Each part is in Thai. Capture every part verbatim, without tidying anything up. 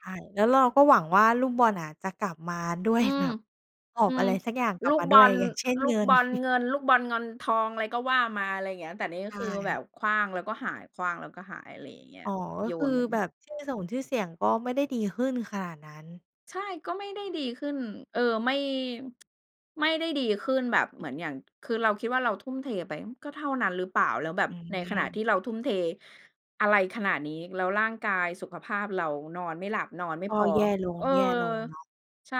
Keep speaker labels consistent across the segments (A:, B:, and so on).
A: ใช่ แล้วเราก็หวังว่า ลูกบอลน่ะจะกลับมาด้ว
B: อ
A: ย
B: ืม
A: แบบหอ
B: อื
A: บอะ
B: ม
A: ไรสักอย่างกล
B: ล
A: ับ
B: ูก
A: มา
B: บ
A: ด้
B: อ
A: วย
B: ล
A: อย่างเช่น
B: ลู
A: เง
B: ก
A: ิ
B: บ
A: น
B: อลเงิน ลูกบอลงอนทอง อะไรก็ว่ามา อะไรเงี้ย แต่นี่ก
A: ใ
B: ็
A: ช
B: คือแบ
A: ่
B: บขว้างแล้วก็หาย ขว้างแล้วก็หาย อะไรอย่างเงี้ย
A: อ๋อ ก็
B: โย
A: คือ
B: นเหมือน
A: แบบชื่อสงชื่อเสียงก็ไม่ได้ดีขึ้นขนาดนั้น
B: ใช่ ก็ไม่ได้ดีขึ้น เออ ไม่ ไม่ได้ดีขึ้นแบบเหมือนอย่าง คือเราคิดว่า เราทุ่มเทไป อืม ก็เท่านั้นหรือเปล่า แล้วแบ
A: อ
B: บ
A: ื
B: ในขณะที
A: อ
B: ่เราทุ่มเทอะไรขนาดนี้ แล้วร่างกายสุขภาพเรา นอนไม่หลับนอนไม่
A: ก
B: พ
A: ็
B: อ
A: แย่ล
B: เออ
A: ง ๆ เนาะ
B: ใช่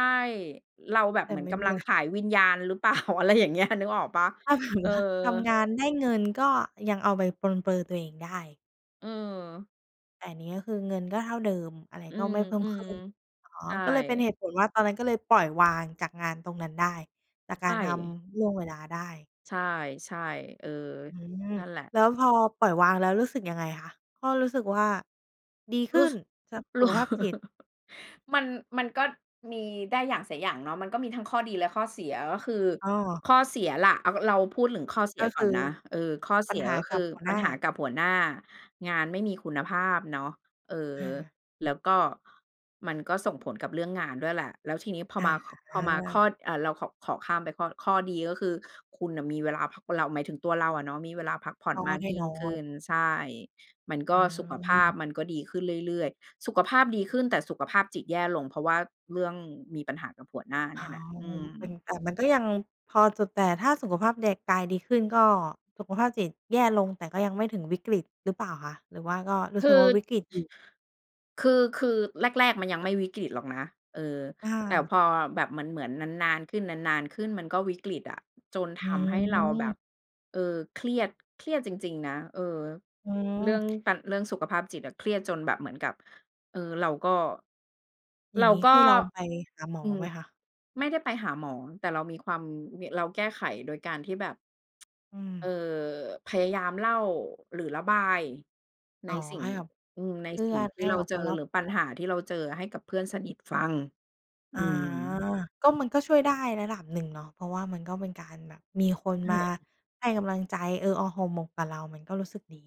B: เราแบบ
A: แต
B: เ
A: ่
B: หมือ
A: ไ
B: น
A: ม่
B: กำลังขายวิญญาณหรือ เปล่า อะไรอย่างเงี้ย นึกออกเปล่า?
A: ถ้าถา
B: เ
A: ม
B: ออ
A: ว่า ทำงานได้เงิน ก็ยังเอาไปปรนเปรอตัวเองได้
B: อือ
A: แต่อันนี้คือเงินก็เท่าเดิม อะไร
B: อื
A: ก็
B: ม
A: ไม่เพิ่
B: อ
A: ม
B: ื
A: ข
B: อ
A: ึ้น อ๋อ
B: ใช่
A: ก็เลยเป็นเหตุผลว่า ตอนนั้นก็เลยปล่อยวางจากงานตรงนั้นได้ จาก
B: ใ
A: ก
B: ช
A: ารท
B: ่
A: ำล่วงเวลาได้
B: ใช่ ๆ เออ
A: อื้อฮือ
B: นั่นแหละ
A: แล้วพอปล่อยวางแล้ว รู้สึกยังไงคะ? ก็รู้สึกว่าดีข
B: ร
A: ึ
B: ู
A: ้
B: ้ส
A: น สัพ ส
B: ร
A: ุ
B: ู้
A: ขภาพจิต
B: มัน มันก็มีได้อย่างเสียอย่างเนาะ มันก็มีทั้งข้อดีและข้อเสีย ก็คือ
A: อ้อ
B: ข้อเสียล่ะ อ่า ก็เราพูดถึงข้อเสี
A: ก
B: ย
A: ็
B: ก
A: ค
B: ่อ
A: ื
B: น
A: อ
B: นะ เออ ข้อเ
A: ปั
B: ส
A: ญ
B: ีย
A: หา
B: ก็ค
A: กั
B: ื
A: บ
B: อ
A: หัว
B: ป
A: หน
B: ัญ
A: ้า
B: หากับหัวหน้า งานไม่มีคุณภาพเนาะ เออ
A: อา
B: แล้วก็ มันก็ส่งผลกับเรื่องงานด้วยแหละ แล้วทีนี้พอ
A: อ
B: ม
A: ะ
B: า ค
A: ฮ
B: พอมาข
A: ะ
B: ้อ อ่า เราขอ ขอข้ามไปข้อ ข้อดีก็คือ คุณน่ะมีเวลาพัก คนเรา หมายถึงตัวเราอะเนาะมีเวลาพักผ่อ
A: ก
B: น
A: ็
B: มาก
A: แน่
B: ยิ่
A: น
B: ง
A: อ
B: ขึ้
A: น
B: น ใช่ มันก็
A: อ
B: สุขภาพ
A: า
B: มันก็ดีขึ้นเรื่อย ๆ สุขภาพดีขึ้น แต่สุขภาพจิตแย่ลง เพราะว่าเรื่องมีปัญหากับหัวหน้า
A: อ
B: เน
A: ้
B: ี
A: า
B: ่ยแหละ
A: ว
B: อื
A: เป็น
B: ม
A: แต่มันก็ยังพอจะ แต่ถ้าสุขภาพแดกาย ดีขึ้น ก็ สุขภาพจิตแย่ลง แต่ก็ยังไม่ถึงวิกฤตหรือเปล่าคะ หรือว่าก็รู
B: ค
A: ้
B: ื
A: สึ
B: อ
A: กว่าวิกฤตอยู่?
B: คือ คือแรก ๆ มันยังไม่วิกฤตหรอกนะ เออ
A: อ
B: แต่
A: า
B: พอแบบเหมือน ๆ นาน ๆ ขึ้น นาน ๆ ขึ้น มันก็วิกฤตอะ จนท
A: อ
B: ำให้เราแบบ
A: ืม
B: เออ เครียด เครียดจริง ๆ นะ เออ
A: อื
B: เรื่อง
A: ม
B: ตัน เรื่องสุขภาพจิตอะ เครียดจนแบบเหมือนกับ เอ่อ เราก็
A: อย
B: เ
A: ่
B: ร
A: า
B: า
A: งงี้
B: ก
A: เค
B: ็
A: ยลองไปหาหมอ
B: อืม
A: ไหมคะ?
B: ไม่ได้ไปหาหมอ แต่เรามีความวิ เราแก้ไขโดยการที่แบบ
A: อื
B: เอ
A: ม
B: อ พยายามเล่า หรือระบายใน
A: อ๋อ
B: สิ่ง
A: ให้อับ
B: อืม
A: เ
B: ใ
A: พ
B: น
A: ื่
B: สิ่
A: อ
B: ง
A: น
B: ที
A: ใ
B: ่
A: ห้
B: เรา
A: กับ
B: เจ
A: ค
B: อ
A: นรอ
B: หรื
A: บ
B: อ
A: ต
B: ป
A: ั
B: ัญ
A: ว
B: หาที่เราเจอให้กับเพื่อนสนิทฟัง อื
A: อ๋อ
B: ม
A: ก็มัน ก็ช่วยได้ระดับหนึ่งเนาะ เพราะว่ามันก็เป็นการแบบมีคน
B: ใช
A: มา
B: ่
A: ให้กำลังใจ เออออห่อหมกกับเรา มันก็รู้สึกดี